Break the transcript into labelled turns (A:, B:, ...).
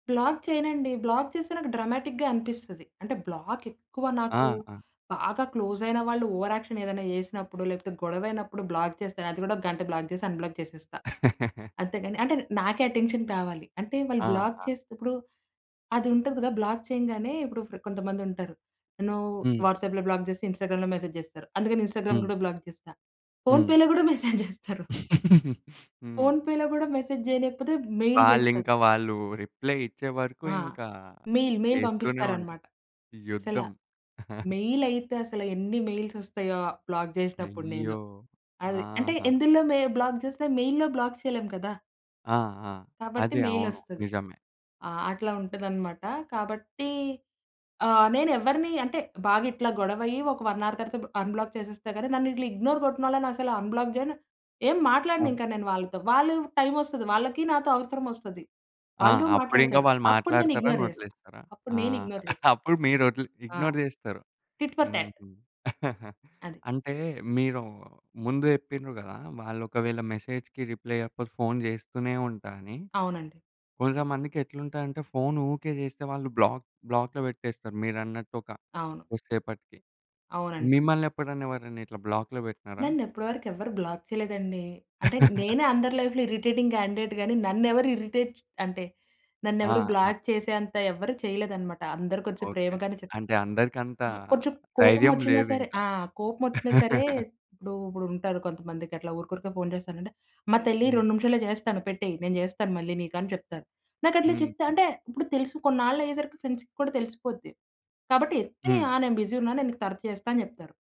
A: Black చేయనండి. Black చేస్తే నాకు డ్రామాటిక్‌గా అనిపిస్తది. అంటే బ్లాక్ ఎక్కువ నాకు,
B: ఆహా!
A: బాగా క్లోస్ అయిన వాళ్ళు ఓవర్ యాక్షన్ ఏదైనా జేసినప్పుడు లేకపోతే గొడవయినప్పుడు బ్లాక్ చేస్తాను. అది కూడా ఒక గంట బ్లాక్ జేసి అన్‌బ్లాక్ జేసేస్తా. అంతే కానీ అంటే నాకే అటెన్షన్ కావాలి. అంటే వాళ్ళు బ్లాక్
B: ఆహా!
A: చేసేతప్పుడు, అది ఉంటది కదా! బ్లాక్ చేయంగానే ఇప్పుడు కొంతమంది ఉంటారు. నన్ను
B: హ్మ్.
A: వాట్సాప్‌లో బ్లాక్ జేస్తే ఇన్‌స్టాగ్రామ్‌లో మెసేజ్ జేస్తారు అందుకని ఇన్‌స్టాగ్రామ్‌
B: హ్మ్.
A: కూడా బ్లాక్ జేస్తా.
B: హ్మ్.
A: ఫోన్‌పేలో కూడా మెసేజ్ జేస్తరు.
B: హ్మ్.
A: ఫోన్‌పేలో గూడా మెసేజ్ జేయలేకపోతే మెయిల్ జేస్తరు.
B: వాళ్ళింకా వాళ్ళు రిప్లై ఇచ్చే వరకు
A: ఆ!
B: ఇంకా
A: మెయిల్ మెయిల్
B: చేస్తూనే ఉంటరు.
A: పంపిస్తారన్నమాట! అసలా,
B: యుద్ధం.
A: మెయిల్ అయితే అసల ఎన్ని మెయిల్స్ వస్తాయో బ్లాక్ జేసినప్పుడు నేను.
B: అయ్యో!
A: అది అంటే
B: ఆహా!
A: ఎందులో మే బ్లాక్ చేస్తే మెయిల్‌లో బ్లాక్ చేయలేము కదా!
B: ఆ! ఆ!
A: కాబట్టి
B: అదే
A: మెయిల్
B: అవును.
A: ఒస్తది.
B: నిజమే!
A: ఆ! అట్లా ఉంటదన్నమాట! కాబట్టి, ఆహ్, నేనేవరిని అంటే బాగా ఇట్లా గొడవ అయ్యి ఒక 1 అవర్ తర్వాత అన్‌బ్లాక్ చేసేస్తా గాని నన్నిట్లా ఇగ్నోర్ గొట్టినోళ్ళని అసల అన్‌బ్లాక్ జేయను. ఏం
B: ఆ!
A: మాట్లాడనింకా నేను వాళ్ళతో. వాళ్ళు టైమ్ వస్తది. వాళ్ళకి నాతో అవసరమొస్తది.
B: ఆ!
A: వాళ్ళూ
B: అప్పుడింకా
A: మాట్లాడతరు.
B: వాళ్ళు
A: అప్పుడు నేను
B: మాట్లాడతారని
A: ఇగ్నోర్ జేస్తా.
B: వదిలేస్తారా?
A: అప్పుడు
B: ఆ!
A: నేను ఇగ్నోర్ జేస్తా.
B: అప్పుడు మీరు వదిలి
A: ఆ!
B: ఇగ్నోర్ చేస్తారు.
A: Tit for tat.
B: హుహు.
A: అది.
B: అంటే, మీరు ముందు జెప్పిండ్రు గదా! వాళ్ళు ఒకవేళ మెసేజ్‌కి రిప్లై ఇయ్యకపోతే ఫోన్ జేస్తూనే ఉంటా అని.
A: అవునండి.
B: కొంచం మందికెట్లుంటదంటే ఫోన్ ఊకే చేస్తే వాళ్ళు బ్లాక్ బ్లాక్‌లో పెట్టేస్తారు మీరన్నట్టు ఒక
A: అవును.
B: కొద్ది సేపటికి.
A: అవునండి.
B: మిమ్మల్ని ఎప్పుడన్నా ఎవరన్నా ఇట్లా బ్లాక్‌లో వెట్టినారా?
A: నన్నిప్పటివరకు ఎవ్వరు బ్లాక్ చేయలేదండి. అంటే నేనే అందరి లైఫ్‌లో ఇరిటేటింగ్ క్యాండిడేట్‌ గాని నన్నెవరు ఇరిటేట్ చ్ అంటే, నన్నెవరు
B: ఆహా!
A: బ్లాక్ చేసేంత ఎవరు చేయలేదన్నమాట! అందరు కొంచం
B: ఓకే.
A: ప్రేమగానే చెప్తా.
B: అంటే అందరికంతా
A: కొంచెం
B: ధైర్యం
A: కోపమొచ్చినా సరే
B: లేదింకా.
A: ఆ! కోపమొచ్చినా సరే, ఇప్పుడు ఇప్పుడుంటారు కొంతమందికట్లా ఊరుకురికే ఫోన్ చేసారంటే, అమ్మా తల్లి
B: హ్మ్.
A: 2 నిమిషాల్లో చేస్తాను పెట్టేయ్ నేను జేస్తాను మళ్ళీ నీకు అని చెప్తారు. నాకట్లా చెప్తే
B: హుహు.
A: అంటే ఇప్పుడు తెలుసు కొన్నాళ్లయ్యేసరికి ఫ్రెండ్స్‌కి కూడా తెలిసిపోద్ది. కాబట్టి ఎత్తి
B: హ్మ్.
A: ఆ! నేను బిజీ ఉన్నాను, నేను నీకు తర్వాత చేస్తాను అని చెప్తారు.